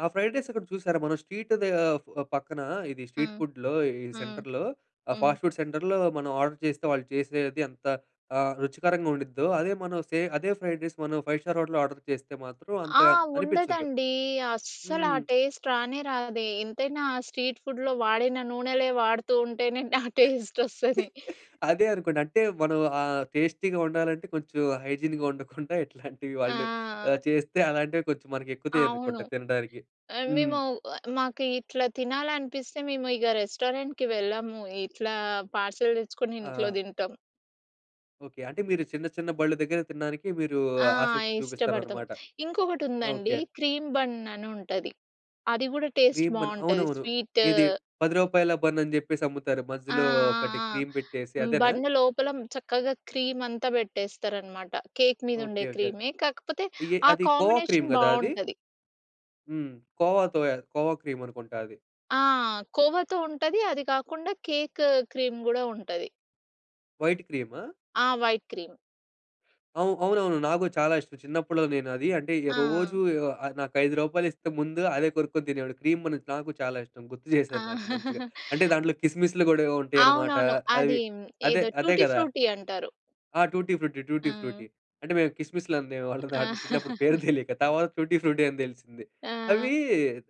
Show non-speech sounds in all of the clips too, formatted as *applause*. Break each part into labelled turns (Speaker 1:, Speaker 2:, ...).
Speaker 1: ఆ! Fried rice అక్కడ చూశారా? మనం స్ట్రీట్ దే పక్కన ఇది స్ట్రీట్
Speaker 2: హ్మ్.
Speaker 1: ఫుడ్‌లో ఈ
Speaker 2: హ్మ్.
Speaker 1: సెంటర్‌లో. ఆ
Speaker 2: హ్మ్.
Speaker 1: ఫాస్ట్ ఫుడ్ సెంటర్‌లో మనం ఆర్డర్ చేస్తే వాళ్ళు చేసేది ఎంత ఆహ్, రుచికరంగా ఉండిద్దో. అదే మనం సే అదే ఫ్రైడ్ రైస్ మనం ఫైవ్ స్టార్ హోటల్లో ఆర్డర్ చేస్తే మాత్రం
Speaker 2: ఆ!
Speaker 1: అంతగా అనిపించదు.
Speaker 2: ఉండదండి
Speaker 1: హ్మ్.
Speaker 2: అస్సలా
Speaker 1: హ్మ్.
Speaker 2: టేస్ట్ రానే రాదే ఎంతైనా స్ట్రీట్ ఫుడ్‌లో వాడిన నూనెలే వాడుతూ ఉంటేనే *chuckles* ఆ టేస్ట్ వస్తది.
Speaker 1: *chuckles* అదే అనుకోండి. అంటే మనం ఆ టేస్టీ‌‌గా వండాలంటే కొంచెం హైజీన్‌గా ఉండకుండా ఇట్లాంటివి వాళ్ళు ఆహ్,
Speaker 2: ఆ!
Speaker 1: చేస్తే అలాంటివి కొంచెం
Speaker 2: అవును.
Speaker 1: ఎక్కుతాయనుకుంట తినడానికి.
Speaker 2: ఆహ్,
Speaker 1: హ్మ్.
Speaker 2: మేము మాకు ఇట్లా తినాలనిపిస్తే మేము ఇగ రెస్టారెంట్‌కి వెళ్ళము. ఇట్లా పార్సెల్ తెచ్చుకొని ఇంట్లో
Speaker 1: ఆ!
Speaker 2: తింటాం.
Speaker 1: ఓకే. అంటే మీరు చిన్న చిన్న బండ్ల దగ్గరే తినడానికి మీరు
Speaker 2: ఆ!
Speaker 1: ఆసక్తి
Speaker 2: ఇష్టపడతాం.
Speaker 1: చూపిస్తారన్నమాట.
Speaker 2: ఇంకొకటుందండి
Speaker 1: ఓకే.
Speaker 2: క్రీమ్ బన్ అని ఉంటది. అది కూడా టేస్ట్
Speaker 1: క్రీమ్ బన్
Speaker 2: బాగుంటుంది
Speaker 1: అవునవును.
Speaker 2: స్వీటు.
Speaker 1: ఇది రూ. 10 బన్ అని జెప్పేసి అమ్ముతారు.
Speaker 2: ఆ! ఆ!
Speaker 1: మధ్యలో ఒకటి
Speaker 2: ఆ!
Speaker 1: క్రీమ్ పెట్టేసి అదేనా?
Speaker 2: బన్ లోపల చక్కగా క్రీమంతా పెట్టేస్తారనమాట. కేక్ మీద
Speaker 1: ఓకే.
Speaker 2: ఉండే
Speaker 1: ఓకే.
Speaker 2: క్రీమే కాకపోతే
Speaker 1: ఇ ఎ
Speaker 2: ఆ
Speaker 1: అది కోవా క్రీమ్
Speaker 2: కాంబినేషన్
Speaker 1: గదా అది?
Speaker 2: బాగుంటది.
Speaker 1: హ్మ్. కోవా తోయ కోవా క్రీమ్ అనుకుంట అది.
Speaker 2: ఆ! కోవతో ఉంటది. అది కాకుండా కేక్ క్రీమ్ గూడా ఉంటది.
Speaker 1: వైట్ క్రీమా?
Speaker 2: ఆ! White cream.
Speaker 1: అవు అవునవును. నాకు చాలా ఇష్టం చిన్నప్పులో నేను అది అంటే, రోజు
Speaker 2: ఆ!
Speaker 1: నాకైదు రూపాయలు ఇస్తే ముందు అదే కొనుక్కొని తినేవాడిని. క్రీమ్ బన్ నాకు చాలా ఇష్టం గుర్తు
Speaker 2: ఆ!
Speaker 1: చేసారు. నాకు మంచిగా
Speaker 2: *chuckles*
Speaker 1: అంటే దాంట్లో కిస్మిస్లు కూడా ఉంటాయన్నమాట
Speaker 2: అవునవును.
Speaker 1: అవి
Speaker 2: అది
Speaker 1: అదే
Speaker 2: ఏదో
Speaker 1: అదే
Speaker 2: టూటీ
Speaker 1: గదా?
Speaker 2: ఫ్రూటీ అంటారు.
Speaker 1: ఆ! టూటీ ఫ్రూటీ, టూటి ఫ్రూటీ
Speaker 2: ఆ!
Speaker 1: అంటే మేము కిస్మిస్లు అనేవాళ్ళం వాటిలని చిన్నప్పుడు పేరు
Speaker 2: *laughs*
Speaker 1: తెలియక తర్వాత టూటీ ఫ్రూటీ అని తెలిసింది.
Speaker 2: ఆ!
Speaker 1: అవి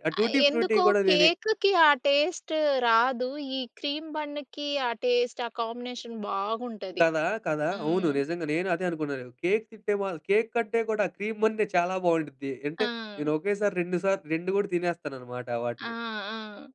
Speaker 1: ఆ టూటి ఫ్రూటీ
Speaker 2: ఎందుకో
Speaker 1: కూడా నేనే
Speaker 2: కేకుకి ఆ టేస్ట్ రాదు. ఈ క్రీమ్ బన్‌కి ఆ టేస్ట్ ఆ కాంబినేషన్ బాగుంటది.
Speaker 1: కదా! కదా! అవును.
Speaker 2: హ్మ్.
Speaker 1: నిజంగా నేను అదే అనుకున్నాను. కేక్స్ తింటే కేక్ కంటే కూడా ఆ క్రీమ్ బన్నే చాలా బాగుండిద్ది. అంటే నేను
Speaker 2: ఆ!
Speaker 1: ఒకేసారి 2 సా 2 కూడా తినేస్తానన్నమాట
Speaker 2: ఆ!
Speaker 1: వాటిని.
Speaker 2: ఆ!